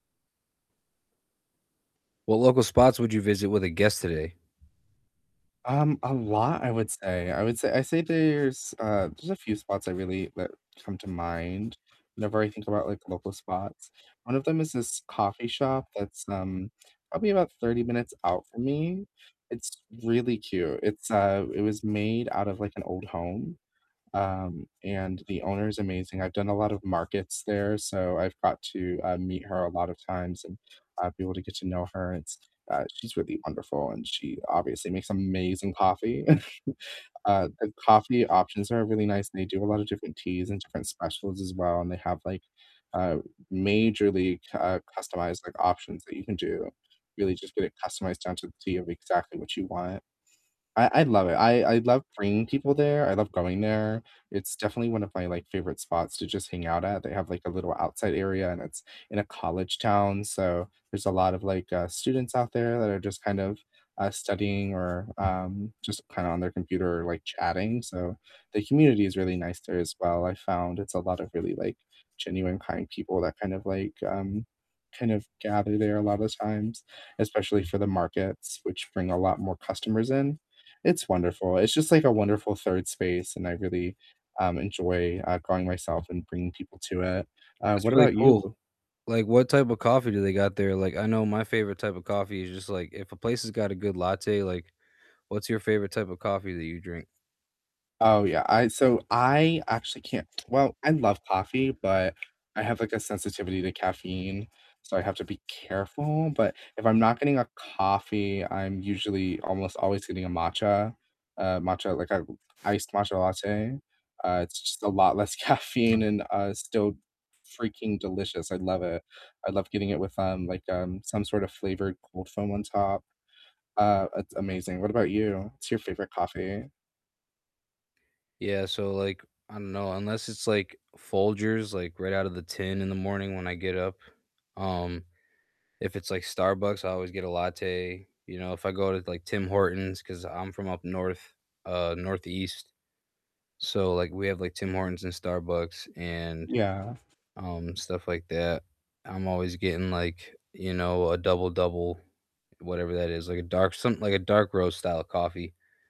What local spots would you visit with a guest today? Um, a lot I would say I would say I say there's, uh, there's a few spots I really that come to mind whenever I think about, like, local spots. One of them is this coffee shop that's, um, probably about 30 minutes out from me, it's really cute, it's, uh, it was made out of, like, an old home. Um, and the owner's amazing, I've done a lot of markets there, so, I've got to, uh, meet her a lot of times and, uh, be able to get to know her, it's, uh, she's really wonderful, and she obviously makes amazing coffee, uh, the coffee options are really nice, and they do a lot of different teas and different specials as well, and they have, like, uh, majorly, uh, c customized, like, options that you can do really just get it customized down to the T of exactly what you want. I I love it I I love bringing people there, I love going there, It's definitely one of my, like, favorite spots to just hang out at, they have, like, a little outside area, and it's in a college town, so, there's a lot of, like, uh, students out there that are just kind of, uh, studying or, um, just kind of on their computer, like, chatting, so, the community is really nice there as well. I've found it's a lot of really, like, genuine, kind people that kind of, like, um, kind of gather there a lot of times, especially for the markets, which bring a lot more customers in, it's wonderful, it's just, like, a wonderful 3rd space, and I really, um, enjoy, uh, going myself and bringing people to it. Uh, That's what really about you cool, b like, what type of coffee do they got there? Like, I know my favorite type of coffee is just, like, if a place has got a good latte like, what's your favorite type of coffee that you drink? Oh, yeah, I so I actually can't well, I love coffee, but I have, like, a sensitivity to caffeine, so, I have to be careful, but if I'm not getting a coffee, I'm usually almost always getting a matcha a matcha like, a iced matcha latte, uh, it's just a lot less caffeine and, uh, still freaking delicious, I love it, I love getting it with, um, like, um, some sort of flavored cold foam on top, uh, it's amazing. What about you? What's your favorite coffee? Yeah, so, like, I don't know, unless it's, like, Folgers, like, right out of the tin in the morning when I get up, um if it's, like, Starbucks, I always get a latte. You know, if I go to, like, Tim Hortons 'cause I'm from up north, uh, northeast, so, like, we have, like, Tim Hortons and Starbucks and, Yeah. um, stuff like that, I'm always getting, like, you know, a double-double, whatever that is, like, a dark something like a dark roast style coffee.